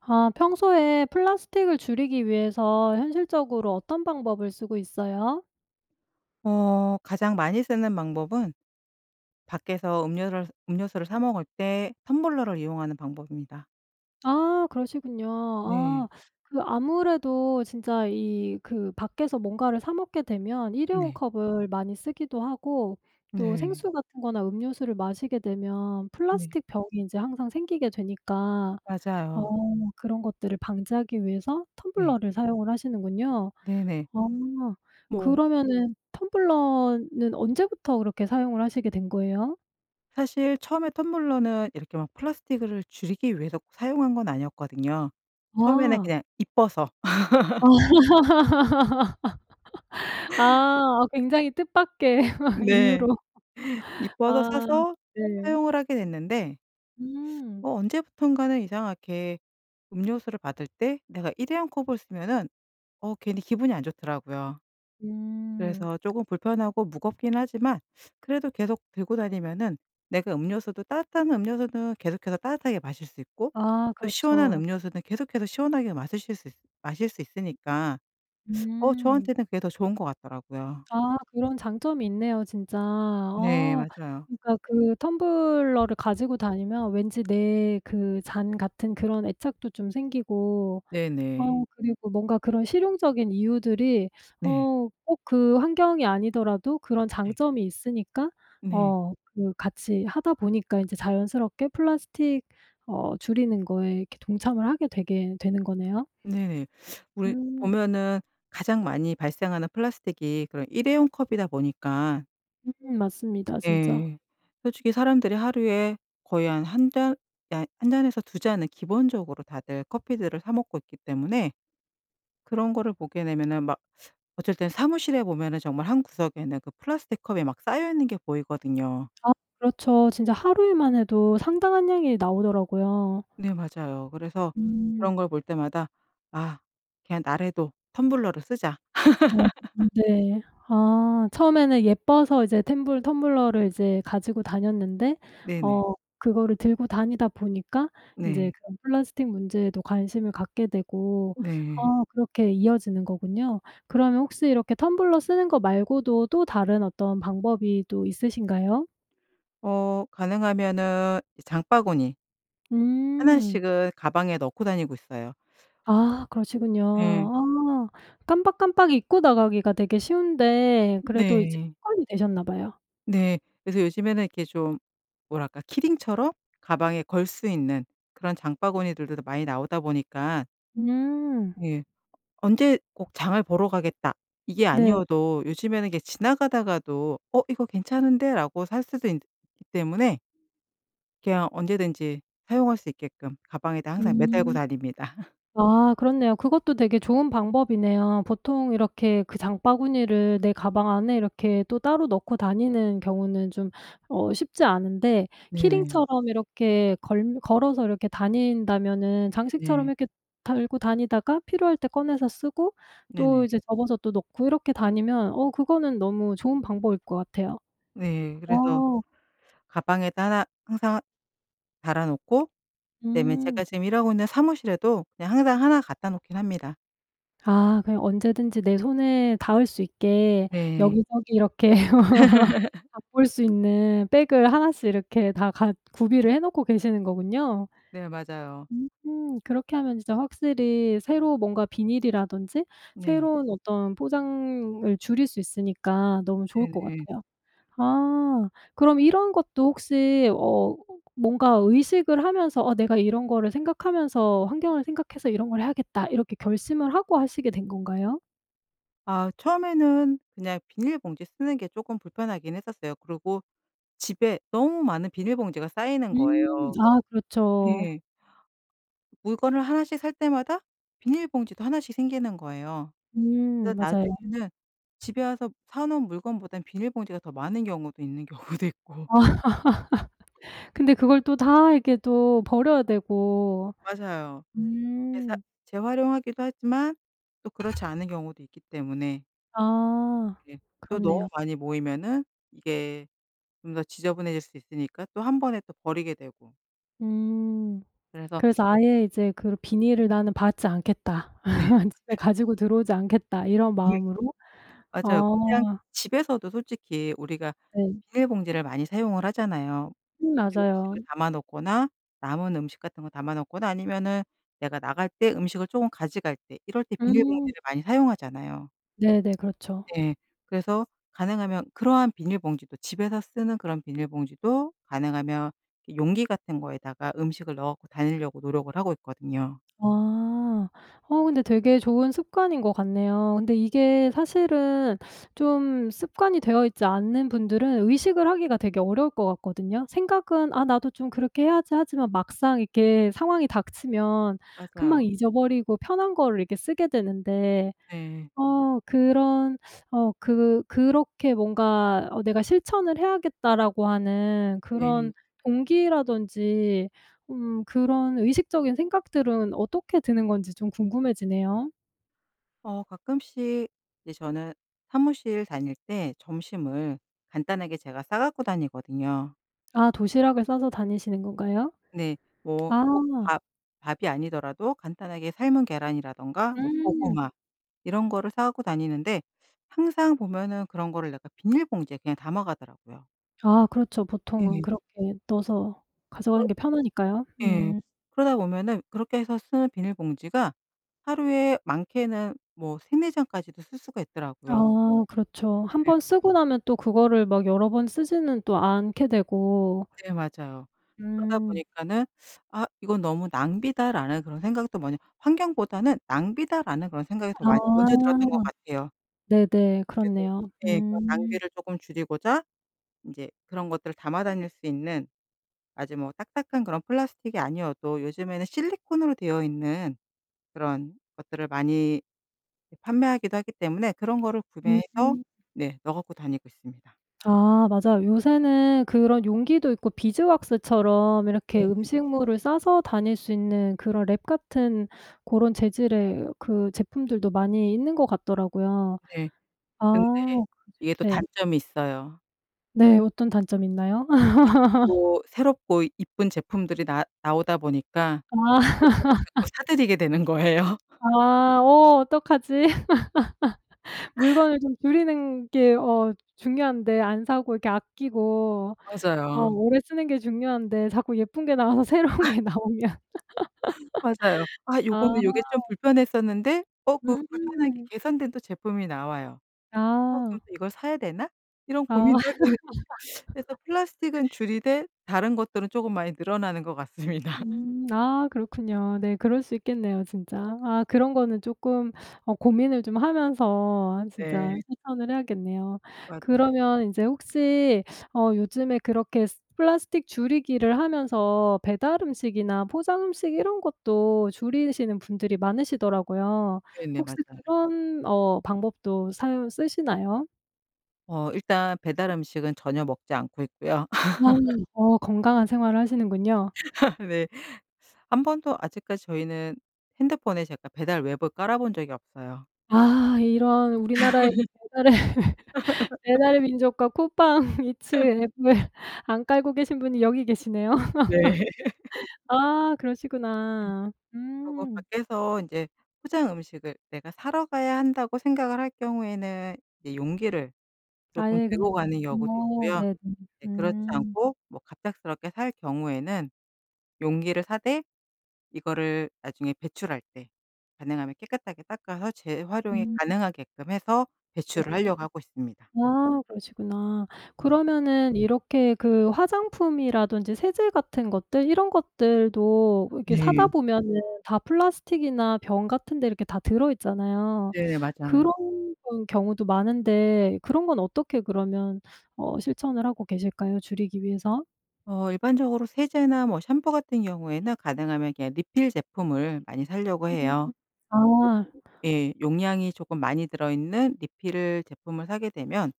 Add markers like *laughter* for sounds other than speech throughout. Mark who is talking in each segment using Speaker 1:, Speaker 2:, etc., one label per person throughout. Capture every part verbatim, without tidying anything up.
Speaker 1: 아 평소에 플라스틱을 줄이기 위해서 현실적으로 어떤 방법을 쓰고 있어요?
Speaker 2: 어 가장 많이 쓰는 방법은 밖에서 음료를 음료수를 사 먹을 때 텀블러를 이용하는 방법입니다.
Speaker 1: 아. 그러시군요. 아.
Speaker 2: 네.
Speaker 1: *sucks teeth* 그 아무래도 진짜 이 그 밖에서 뭔가를 사 먹게 되면 일회용
Speaker 2: 네.
Speaker 1: 컵을 많이 쓰기도 하고 또
Speaker 2: 네.
Speaker 1: 생수 같은 거나 음료수를 마시게 되면
Speaker 2: 네.
Speaker 1: 플라스틱 병이 이제 항상 생기게 되니까 어
Speaker 2: 맞아요.
Speaker 1: 그런 것들을 방지하기 위해서
Speaker 2: 네.
Speaker 1: 텀블러를 사용을 하시는군요.
Speaker 2: 네네.
Speaker 1: 아.
Speaker 2: 뭐
Speaker 1: 그러면은 텀블러는 언제부터 그렇게 사용을 하시게 된 거예요?
Speaker 2: 사실 처음에 텀블러는 이렇게 막 플라스틱을 줄이기 위해서 사용한 건 아니었거든요. 처음에는
Speaker 1: 아.
Speaker 2: 그냥 예뻐서.
Speaker 1: 아.
Speaker 2: *laughs*
Speaker 1: *laughs* 아. 굉장히 뜻밖의 *laughs*
Speaker 2: 네.
Speaker 1: 이유로. *laughs*
Speaker 2: 예뻐서
Speaker 1: 아.
Speaker 2: 사서
Speaker 1: 네.
Speaker 2: 사용을 하게 됐는데
Speaker 1: 음.
Speaker 2: 어 언제부턴가는 이상하게 음료수를 받을 때 내가 일회용 컵을 쓰면은 어 괜히 기분이 안 좋더라고요.
Speaker 1: 음.
Speaker 2: 그래서 조금 불편하고 무겁긴 하지만 그래도 계속 들고 다니면은 내가 음료수도 따뜻한 음료수는 계속해서 따뜻하게 마실 수 있고
Speaker 1: 아.
Speaker 2: 또 시원한
Speaker 1: 그렇죠.
Speaker 2: 음료수는 계속해서 시원하게 마시실 수 마실 수 있으니까 *sucks teeth*
Speaker 1: 음.
Speaker 2: 어
Speaker 1: 음.
Speaker 2: 저한테는 그게 더 좋은 것 같더라고요.
Speaker 1: 아. 그런 장점이 있네요 진짜.
Speaker 2: 네.
Speaker 1: 어
Speaker 2: 맞아요.
Speaker 1: 그러니까 그 텀블러를 가지고 다니면 왠지 내 그 잔 같은 그런 애착도 좀 생기고
Speaker 2: 네네.
Speaker 1: 어 그리고 뭔가 그런 실용적인 이유들이 *sucks teeth*
Speaker 2: 네.
Speaker 1: 어 꼭 그 환경이 아니더라도 그런
Speaker 2: 네.
Speaker 1: 장점이 있으니까
Speaker 2: 네.
Speaker 1: 어 그 같이 하다 보니까 이제 자연스럽게 플라스틱 어 줄이는 거에 이렇게 동참을 하게 되게 되는 거네요.
Speaker 2: 네네. *sucks teeth* 우리
Speaker 1: 음.
Speaker 2: 보면은 가장 많이 발생하는 플라스틱이 그런 일회용 컵이다 보니까
Speaker 1: 음 맞습니다 진짜.
Speaker 2: 예. 솔직히 사람들이 하루에 거의 한 한 잔 아 한 잔에서 두 잔은 기본적으로 다들 커피들을 사 먹고 있기 때문에 그런 거를 보게 되면은 막 어쩔 때는 사무실에 보면은 정말 한 구석에는 그 플라스틱 컵이 막 쌓여 있는 게 보이거든요.
Speaker 1: 아 그렇죠. 진짜 하루에만 해도 상당한 양이 나오더라고요.
Speaker 2: 네 맞아요. 그래서
Speaker 1: 음.
Speaker 2: 그런 걸 볼 때마다 "아 그냥 나라도 텀블러를 쓰자!"
Speaker 1: 어
Speaker 2: *laughs*
Speaker 1: 네. 아 처음에는 예뻐서 이제 템블 텀블러를 이제 가지고 다녔는데
Speaker 2: 네네.
Speaker 1: 어 그거를 들고 다니다 보니까
Speaker 2: 네.
Speaker 1: 이제 그 플라스틱 문제에도 관심을 갖게 되고.
Speaker 2: 네.
Speaker 1: 아 그렇게 이어지는 거군요. 그러면 혹시 이렇게 텀블러 쓰는 거 말고도 또 다른 어떤 방법이 또 있으신가요?
Speaker 2: 어 가능하면은 이 장바구니 하나
Speaker 1: 음.
Speaker 2: 씩은 가방에 넣고 다니고 있어요.
Speaker 1: 아 그러시군요.
Speaker 2: 예.
Speaker 1: 아 깜빡깜빡 잊고 나가기가 되게 쉬운데 그래도 이제
Speaker 2: 네.
Speaker 1: 습관이 되셨나 봐요.
Speaker 2: 네. 그래서 요즘에는 이렇게 좀 뭐랄까 키링처럼 가방에 걸 수 있는 그런 장바구니들들도 많이 나오다 보니까.
Speaker 1: 음.
Speaker 2: 예. '언제 꼭 장을 보러 가겠다.' 이게
Speaker 1: 네.
Speaker 2: 아니어도 요즘에는 이게 지나가다가도 '어. 이거 괜찮은데?'라고 살 수도 있기 때문에 그냥 언제든지 사용할 수 있게끔 가방에다 항상 매달고
Speaker 1: 음.
Speaker 2: 다닙니다. *laughs*
Speaker 1: 아 그렇네요. 그것도 되게 좋은 방법이네요. 보통 이렇게 그 장바구니를 내 가방 안에 이렇게 또 따로 넣고 다니는 경우는 좀 어 쉽지 않은데
Speaker 2: 네네.
Speaker 1: 키링처럼 이렇게 걸릴 걸어서 이렇게 다닌다면은 장식처럼
Speaker 2: 네.
Speaker 1: 이렇게 달고 다니다가 필요할 때 꺼내서 쓰고 또
Speaker 2: 네네.
Speaker 1: 이제 접어서 또 넣고 이렇게 다니면 어 그거는 너무 좋은 방법일 것 같아요.
Speaker 2: 네. 그래서
Speaker 1: 어.
Speaker 2: 가방에다 하나 항상 달아 놓고 그다음에
Speaker 1: 음.
Speaker 2: 제가 지금 일하고 있는 사무실에도 그냥 항상 하나 갖다 놓긴 합니다.
Speaker 1: 아. 그냥 언제든지 내 손에 닿을 수 있게
Speaker 2: 네.
Speaker 1: 여기저기 이렇게 *laughs*
Speaker 2: *laughs*
Speaker 1: 바꿀 수 있는 백을 하나씩 이렇게 다 갖 구비를 해 놓고 계시는 거군요?
Speaker 2: 네. 맞아요.
Speaker 1: 음. 그렇게 하면 진짜 확실히 새로 뭔가 비닐이라든지
Speaker 2: 네.
Speaker 1: 새로운 어떤 포장을 줄일 수 있으니까 너무 좋을 것
Speaker 2: 네네.
Speaker 1: 같아요. 아. 그럼 이런 것도 혹시 어 뭔가 의식을 하면서 '아 내가 이런 거를 생각하면서 환경을 생각해서 이런 걸 해야겠다.' 이렇게 결심을 하고 하시게 된 건가요?
Speaker 2: 아 처음에는 그냥 비닐봉지 쓰는 게 쪼끔 불편하긴 했었어요. 그리고 집에 너무 많은 비닐봉지가 쌓이는
Speaker 1: 음.
Speaker 2: 거예요.
Speaker 1: 아 그렇죠.
Speaker 2: 네. 물건을 하나씩 살 때마다 비닐봉지도 하나씩 생기는 거예요. 그래서
Speaker 1: 음, 맞아요.
Speaker 2: 나중에는 집에 와서 사 놓은 물건보다는 비닐봉지가 더 많은 경우도 있는 경우도 있고.
Speaker 1: 아. *laughs* 근데 그걸 또 다 이렇게 또 버려야 되고.
Speaker 2: 맞아요. *unintelligible*
Speaker 1: 음.
Speaker 2: 재활용하기도 하지만 또 그렇지 않은 경우도 있기 때문에.
Speaker 1: 아.
Speaker 2: *unintelligible* 또 너무
Speaker 1: 그렇네요.
Speaker 2: 많이 모이면은 이게 좀 더 지저분해질 수 있으니까 또 한 번에 또 버리게 되고.
Speaker 1: 음.
Speaker 2: 그래서
Speaker 1: 그래서 아예 이제 그르 '비닐을 나는 받지 않겠다.
Speaker 2: 네.
Speaker 1: *laughs* 집에
Speaker 2: *unintelligible*
Speaker 1: 가지고 들어오지 않겠다.' 이런 마음으로.
Speaker 2: *unintelligible* 맞아요. 그냥
Speaker 1: 어.
Speaker 2: 집에서도 솔직히 우리가
Speaker 1: 네.
Speaker 2: 비닐봉지를 많이 사용을 하잖아요.
Speaker 1: 음. 맞아요.
Speaker 2: 음식을 담아 놓거나 남은 음식 같은 거 담아 놓거나 아니면은 내가 나갈 때 음식을 쪼금 가지갈 때 이럴 때
Speaker 1: 음.
Speaker 2: 비닐봉지를 많이 사용하잖아요.
Speaker 1: 네네. 그렇죠.
Speaker 2: 예. 그래서 가능하면 그러한 비닐봉지도 집에서 쓰는 그런 비닐봉지도 가능하면 이 용기 같은 거에다가 음식을 넣어 갖고 다니려고 노력을 하고 있거든요.
Speaker 1: 아. 어 근데 되게 좋은 습관인 것 같네요. 근데 이게 사실은 *sucks teeth* 좀 습관이 되어 있지 않는 분들은 의식을 하기가 되게 어려울 것 같거든요. 생각은 '아 나도 좀 그렇게 해야지.' 하지만 막상 이렇게 상황이 닥치면 금방
Speaker 2: 맞아요.
Speaker 1: 잊어버리고 편한 거를 이렇게 쓰게 되는데
Speaker 2: 네.
Speaker 1: 어, 그런 *sucks teeth* 어, 그 그렇게 뭔가 어 '내가 실천을 해야겠다.'라고 하는
Speaker 2: 네.
Speaker 1: 그런 동기라든지 음 그런 의식적인 생각들은 어떻게 드는 건지 좀 궁금해지네요.
Speaker 2: 어. 가끔씩 이제 저는 사무실 다닐 때 점심을 간단하게 제가 싸 갖고 다니거든요.
Speaker 1: 아, 도시락을 싸서 다니시는 건가요?
Speaker 2: 네. 뭐
Speaker 1: 아.
Speaker 2: 꼭 밥 밥이 아니더라도 간단하게 삶은 계란이라든가 뭐
Speaker 1: 음.
Speaker 2: 고구마 이런 거를 싸 갖고 다니는데 항상 보면은 그런 거를 내가 비닐봉지에 그냥 담아 가더라고요.
Speaker 1: 아 그렇죠. 보통은
Speaker 2: 예.
Speaker 1: 그렇게 넣어서
Speaker 2: 그렇
Speaker 1: 가져가는 게 편하니까요.
Speaker 2: 예.
Speaker 1: 음.
Speaker 2: 그러다 보면은 그렇게 해서 쓰는 비닐봉지가 하루에 많게는 뭐 세 네 장까지도 쓸 수가 있더라고요.
Speaker 1: 아 그렇죠. 한
Speaker 2: 예.
Speaker 1: 번 쓰고 나면 또 그거를 막 여러 번 쓰지는 또 않게 되고
Speaker 2: 네 맞아요. 그러다
Speaker 1: 음.
Speaker 2: 보니까는 *sucks teeth* '아 이건 너무 낭비다' 라는 그런 생각도 먼저 환경보다는 낭비다 라는 그런 생각이
Speaker 1: 아.
Speaker 2: 많 먼저 들었던 것 같아요.
Speaker 1: 네네.
Speaker 2: 그래도
Speaker 1: 그렇네요.
Speaker 2: 네, 그런
Speaker 1: 음.
Speaker 2: 낭비를 조금 줄이고자 인제 그런 것들을 담아 다닐 수 있는 아주 뭐 딱딱한 그런 플라스틱이 아니어도 요즘에는 실리콘으로 되어 있는 그런 것들을 많이 판매하기도 하기 때문에 그런 거를 구매해서
Speaker 1: 음.
Speaker 2: 네, 넣어 갖고 다니고 있습니다.
Speaker 1: 아 맞아요. 요새는 그런 용기도 있고 비즈왁스처럼 이렇게
Speaker 2: 네네.
Speaker 1: 음식물을 싸서 다닐 수 있는 그런 랩 같은 그런 재질의 그 제품들도 많이 있는 거 같더라고요.
Speaker 2: 네. 근데
Speaker 1: 아 그죠
Speaker 2: 이게 또
Speaker 1: 네.
Speaker 2: 단점이 있어요.
Speaker 1: 네, 어떤 단점이 있나요? *laughs*
Speaker 2: 자꾸 새롭고 예쁜 제품들이 나 나오다 보니까
Speaker 1: 아.
Speaker 2: 그것들을 자꾸
Speaker 1: *laughs*
Speaker 2: 사들이게 되는 거예요. *laughs*
Speaker 1: 아. 어 어떡하지? *laughs*
Speaker 2: *laughs*
Speaker 1: 물건을 좀 줄이는 게 어 중요한데 안 사고 이렇게 아끼고 어
Speaker 2: 맞아요.
Speaker 1: 오래 쓰는 게 중요한데 자꾸 예쁜 게 나와서 새로운
Speaker 2: *laughs*
Speaker 1: 게 나오면. *laughs*
Speaker 2: *laughs* 맞아요. 아
Speaker 1: 아.
Speaker 2: 요거는 요게 좀 불편했었는데 어 그 불편한 게
Speaker 1: 음.
Speaker 2: 개선된 또 제품이 나와요. '어 그럼
Speaker 1: 아.
Speaker 2: 또 이걸 사야 되나?' 이런
Speaker 1: 아. *laughs*
Speaker 2: 고민도 하게 돼. *sucks teeth* 그래서 플라스틱은 줄이되 다른 것들은 조금 많이 늘어나는 것 같습니다. *laughs*
Speaker 1: 음 아 그렇군요. 네 그럴 수 있겠네요, 진짜. 아 그런 거는 조금 어 고민을 좀 하면서 아 진짜
Speaker 2: 네.
Speaker 1: 실천을 해야겠네요.
Speaker 2: 맞아요.
Speaker 1: 그러면 인제 혹시 *sucks teeth* 어 요즘에 그렇게 쓰 플라스틱 줄이기를 하면서 배달 음식이나 포장 음식 이런 것도 줄이시는 분들이 많으시더라고요.
Speaker 2: 네네
Speaker 1: 혹시
Speaker 2: 맞아요.
Speaker 1: 그런 어 방법도 사용 쓰시나요?
Speaker 2: 어. 일단 배달 음식은 전혀 먹지 않고 있고요. *laughs*
Speaker 1: 나는 어 건강한 생활을 하시는군요.
Speaker 2: *laughs* 네. 한 번도 아직까지 저희는 핸드폰에 제가 배달 웹을 깔아 본 적이 없어요.
Speaker 1: 아 이런. 우리나라의 그
Speaker 2: *laughs*
Speaker 1: 배달의 *laughs*
Speaker 2: *laughs*
Speaker 1: 배달의민족과 쿠팡이츠
Speaker 2: *laughs*
Speaker 1: 앱을 안 깔고 계신 분이 여기 계시네요.
Speaker 2: 네. *laughs*
Speaker 1: *laughs* 아
Speaker 2: 네.
Speaker 1: 그러시구나.
Speaker 2: 그리고
Speaker 1: 음.
Speaker 2: 밖에서 인제 '포장 음식을 내가 사러 가야 한다.'고 생각을 할 경우에는 이 용기를 조금
Speaker 1: 아예
Speaker 2: 들고
Speaker 1: 그냥
Speaker 2: 가는 경우도
Speaker 1: 어
Speaker 2: 있고요.
Speaker 1: 네네.
Speaker 2: 예. 그렇지
Speaker 1: 음.
Speaker 2: 않고 뭐 갑작스럽게 살 경우에는 용기를 사되 이거를 나중에 배출할 때 가능하면 깨끗하게 닦아서 재활용이
Speaker 1: 음.
Speaker 2: 가능하게끔 해서 배출을
Speaker 1: 네네.
Speaker 2: 하려고 하고 있습니다.
Speaker 1: 아 그러시구나.
Speaker 2: 네.
Speaker 1: 그러면은 이렇게 그 화장품이라든지 세제 같은 것들 이런 것들도 이렇게 사다
Speaker 2: 네.
Speaker 1: 보면은 다 플라스틱이나 병 같은 데 이렇게 다 들어 있잖아요.
Speaker 2: 네. 맞아요.
Speaker 1: 그런 건 경우도 많은데 그런 건 어떻게 그러면 어 실천을 하고 계실까요, 줄이기 위해서?
Speaker 2: 어 일반적으로 세제나 뭐 샴푸 같은 경우에는 가능하면 그냥 리필제품을 많이 사려고
Speaker 1: 음.
Speaker 2: 해요.
Speaker 1: 아.
Speaker 2: *unintelligible* 예. 용량이 조금 많이 들어 있는 리필 제품을 사게 되면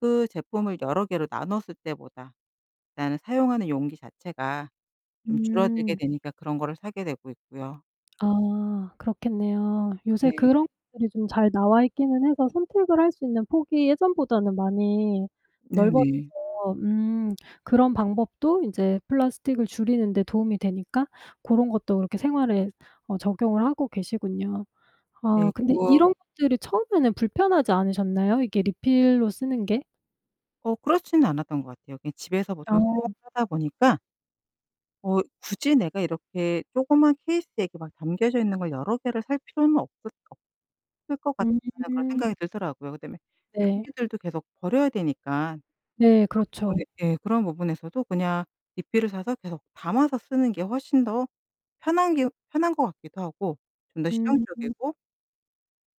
Speaker 2: 그 제품을 여러 개로 나눴을 때보다 일단은 사용하는 용기 자체가 좀 줄어들게
Speaker 1: 음.
Speaker 2: 되니까 그런 거를 사게 되고 있고요.
Speaker 1: 아 그렇겠네요. 요새
Speaker 2: 네.
Speaker 1: 그런 것들이 좀 잘 나와 있기는 해서 선택을 할 수 있는 폭이 예전보다는 많이 넓어져서
Speaker 2: 네네.
Speaker 1: 음 그런 방법도 이제 플라스틱을 줄이는 데 도움이 되니까 고런 것도 그렇게 생활에 어 적용을 하고 계시군요.
Speaker 2: 네
Speaker 1: 아 근데
Speaker 2: 그리고
Speaker 1: 이런 것들이 처음에는 불편하지 않으셨나요? 이게 리필로 쓰는 게?
Speaker 2: 어 그렇진 않았던 것 같아요. 그냥 집에서 보통 쭉
Speaker 1: 어.
Speaker 2: 하다 보니까 어 '굳이 내가 이렇게 조그만 케이스에 이렇게 막 담겨져 있는 걸 여러 개를 살 필요는 없을 없을 것 같다.'는 그런
Speaker 1: 음.
Speaker 2: 생각이 들더라고요. 그다음에
Speaker 1: 네.
Speaker 2: 용기들도 계속 버려야 되니까.
Speaker 1: 네
Speaker 2: 그런 부분
Speaker 1: 그렇죠.
Speaker 2: 네 그런 부분에서도 그냥 리필을 사서 계속 담아서 쓰는 게 훨씬 더 편한 게 편한 것 같기도 하고 좀 더
Speaker 1: 음.
Speaker 2: 실용적이고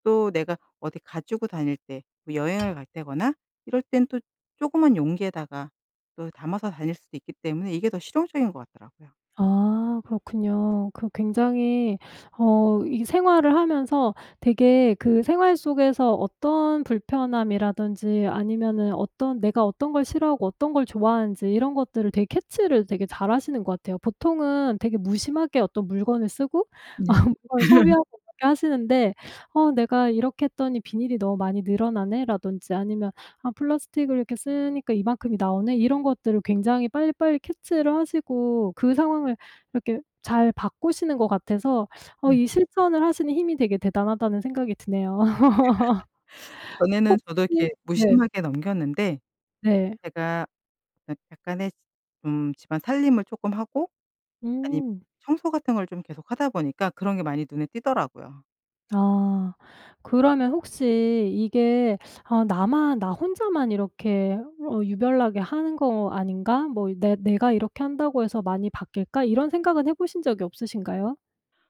Speaker 2: 또 내가 어디 가지고 다닐 때 뭐 여행을 갈 때거나 이럴 땐 조그만 용기에다가 또 담아서 다닐 수도 있기 때문에 이게 더 실용적인 것 같더라고요.
Speaker 1: 아 그렇군요. 그 굉장히 어 이 생활을 하면서 되게 그 생활 속에서 어떤 불편함이라든지 아니면은 어떤 내가 어떤 걸 싫어하고 어떤 걸 좋아하는지 이런 것들을 되게 캐치를 되게 잘 하시는 것 같아요. 보통은 되게 무심하게 어떤 물건을 쓰고
Speaker 2: 네.
Speaker 1: 아 그걸
Speaker 2: *laughs*
Speaker 1: 소비하고 그렇게 하시는데 "어 내가 이렇게 했더니 비닐이 너무 많이 늘어나네?"라던지 아니면 "아 플라스틱을 이렇게 쓰니까 이만큼이 나오네?" 이런 것들을 굉장히 빨리빨리 캐치를 하시고 그 상황을 이렇게 잘 바꾸시는 것 같아서 어
Speaker 2: 네.
Speaker 1: 이 '실천을 하시는 힘이 되게 대단하다.'는 생각이 드네요. *laughs*
Speaker 2: *laughs* 전에는 저도
Speaker 1: 혹시
Speaker 2: 이렇게
Speaker 1: 네.
Speaker 2: 무심하게 넘겼는데
Speaker 1: 네.
Speaker 2: 제가 약 약간의 좀 집안 살림을 쪼끔 하고 아님
Speaker 1: 음.
Speaker 2: 청소 같은 걸 좀 계속 하다 보니까 그런 게 많이 눈에 띄더라고요.
Speaker 1: 아 그러면 혹시 이게 아 '나만 나 혼자만 이렇게 어 유별나게 하는 거 아닌가?' 뭐 이 '내 내가 이렇게 한다고 해서 많이 바뀔까?' 이런 생각은 해보신 적이 없으신가요?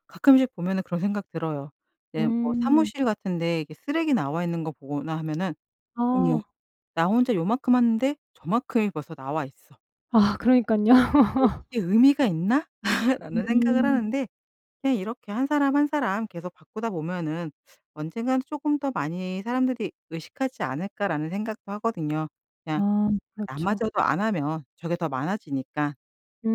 Speaker 2: 가끔씩 보면은 그런 생각 들어요. 이제 뭐
Speaker 1: 음.
Speaker 2: 사무실 같은 데 이렇게 쓰레기 나와 있는 거 보거나 하면은 '어머
Speaker 1: 아.
Speaker 2: 나 혼자 요만큼 하는데 저만큼이 벌써 나와 있어.'
Speaker 1: 아 그러니까요.
Speaker 2: '이게
Speaker 1: *laughs*
Speaker 2: 이게 의미가 있나?' *laughs* 라는 생각을
Speaker 1: 음.
Speaker 2: 하는데, 그냥 이렇게 한 사람, 한 사람 계속 바꾸다 보면은 '언젠가는 조금 더 많이 사람들이 의식하지 않을까.'라는 생각도 하거든요. 그냥
Speaker 1: 아 그렇죠.
Speaker 2: 나마저도 안 하면 저게 더 많아지니까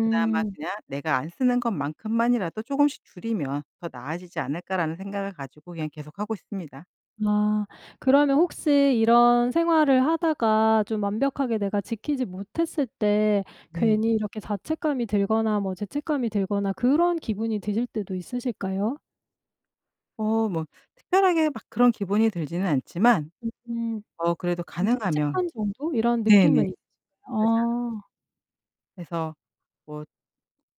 Speaker 2: 그나마 그냥 '내가 안 쓰는 것만큼만이라도 조금씩 줄이면 더 나아지지 않을까?' 라는 생각을 가지고 그냥 계속하고 있습니다.
Speaker 1: 아 그러면 혹시 이런 생활을 하다가 좀 완벽하게 내가 지키지 못했을 때
Speaker 2: 네.
Speaker 1: 괜히 이렇게 자책감이 들거나 뭐 죄책감이 들거나 그런 기분이 드실 때도 있으실까요?
Speaker 2: 어 뭐 특별하게 막 그런 기분이 들지는 않지만
Speaker 1: 음.
Speaker 2: 어 그래도
Speaker 1: 좀
Speaker 2: 가능하면
Speaker 1: 찝찝한 정도 이런
Speaker 2: 네네
Speaker 1: 느낌은 있지
Speaker 2: 맞아요.
Speaker 1: 아.
Speaker 2: 그래서 뭐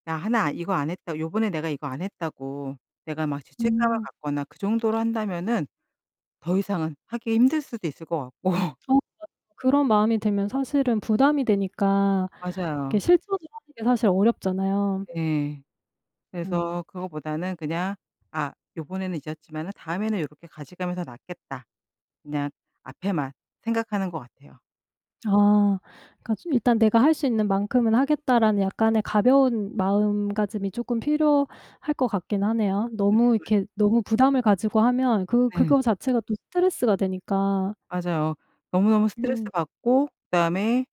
Speaker 2: 나 하나 이거 안 했다 요번에 내가 이거 안 했다고 내가 막 죄책감을
Speaker 1: 음.
Speaker 2: 갖거나 그 정도로 한다면은 더 이상은 하기 힘들 수도 있을 것 같고.
Speaker 1: 어. *unintelligible* 그런 마음이 들면 사실은 부담이 되니까
Speaker 2: 맞아요.
Speaker 1: 이렇게 실천을 하는 게 사실 어렵잖아요.
Speaker 2: 예.
Speaker 1: 음.
Speaker 2: 그래서 그거보다는 그냥 '아. 요번에는 잊었지만은 다음에는 요렇게 가지가면 더 낫겠다.' 그냥 앞에만 생각하는 것 같아요.
Speaker 1: 아. *unintelligible* '일단 내가 할 수 있는 만큼은 하겠다.'라는 약간의 가벼운 마음가짐이 쪼끔 필요할 것 같긴 하네요.
Speaker 2: 네.
Speaker 1: 너무
Speaker 2: 맞
Speaker 1: 이렇게 너무 부담을 가지고 하면 그
Speaker 2: 네.
Speaker 1: 그거 자체가 또 스트레스가 되니까.
Speaker 2: 맞아요. 너무너무 스트레스
Speaker 1: 음.
Speaker 2: 받고 그다음에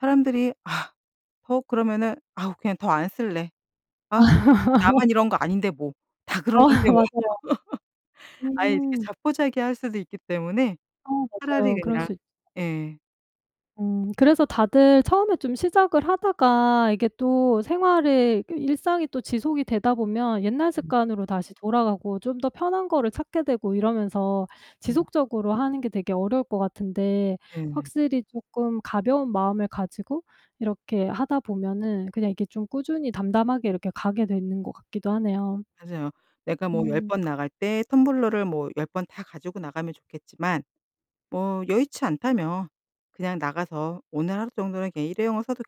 Speaker 2: 사람들이 아 퍼 그러면은 '아우. 그냥 더 안 쓸래. 아우. 뭐 나만 이런 거
Speaker 1: *laughs*
Speaker 2: 아닌데 뭐. 다
Speaker 1: 어
Speaker 2: 그러는데 뭐.'
Speaker 1: 맞아요.
Speaker 2: *laughs* 아예 이렇게
Speaker 1: 음.
Speaker 2: 자포자기할 수도 있기 때문에
Speaker 1: 어
Speaker 2: 차라리
Speaker 1: 맞아요. 그럴
Speaker 2: 그냥
Speaker 1: 수 있
Speaker 2: 예.
Speaker 1: 음 그래서 다들 처음에 좀 시작을 하다가 이게 또 생활의 그 일상이 또 지속이 되다 보면 옛날
Speaker 2: 음.
Speaker 1: 습관으로 다시 돌아가고 좀 더 편한 거를 찾게 되고 이러면서
Speaker 2: 음.
Speaker 1: 지속적으로 하는 게 되게 어려울 것 같은데
Speaker 2: 네.
Speaker 1: 확실히 쪼끔 가벼운 마음을 가지고 이렇게 하다 보면은 그냥 이게 좀 꾸준히 담담하게 이렇게 가게 되는 것 같기도 하네요.
Speaker 2: 맞아요. 내가 뭐 열
Speaker 1: 음.
Speaker 2: 번 나갈 때 텀블러를 뭐 열 번 다 가지고 나가면 좋겠지만 뭐 여의치 않다면 그냥 나가서 '오늘 하루 정도는 그냥 일회용을 써도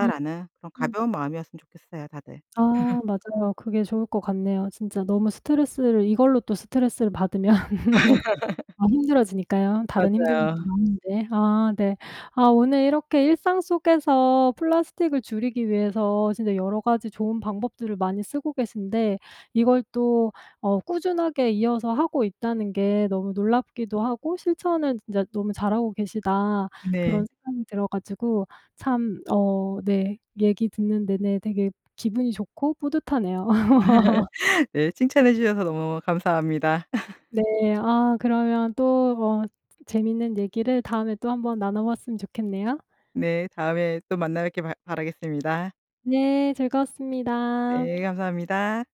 Speaker 1: 음.
Speaker 2: 그런
Speaker 1: 음.
Speaker 2: 가벼운 마음이었으면 좋겠어요 다들.
Speaker 1: 아.
Speaker 2: *clears throat*
Speaker 1: 맞아요. 그게 좋을 것 같네요. 진짜 너무 스트레스를 이걸로 또 스트레스를 받으면 *laughs*
Speaker 2: *laughs*
Speaker 1: 더 힘들어지니까요, 다른 힘든 것도
Speaker 2: 맞아요.
Speaker 1: 많은데. 아. 네. 아 오늘 이렇게 일상 속에서 플라스틱을 줄이기 위해서 진짜 여러 가지 좋은 방법들을 많이 쓰고 계신데 이걸 또 어 꾸준하게 이어서 하고 있다는 게 너무 놀랍기도 하고 실천을 진짜 너무 잘하고 계시다
Speaker 2: 네.
Speaker 1: 그런 생각이 들어 가지고 참 어 네 얘기 듣는 내내 되게 기분이 좋고 뿌듯하네요. *laughs*
Speaker 2: *laughs* 네. 칭찬해 주셔서 너무너무 감사합니다. *laughs*
Speaker 1: 네. 아 그러면 또 뭐 재밌는 얘기를 다음에 또 한번 나눠 봤으면 좋겠네요.
Speaker 2: 네. 다음에 또 만나 뵙길 바 바라겠습니다.
Speaker 1: 네. 즐거웠습니다.
Speaker 2: 네. 감사합니다.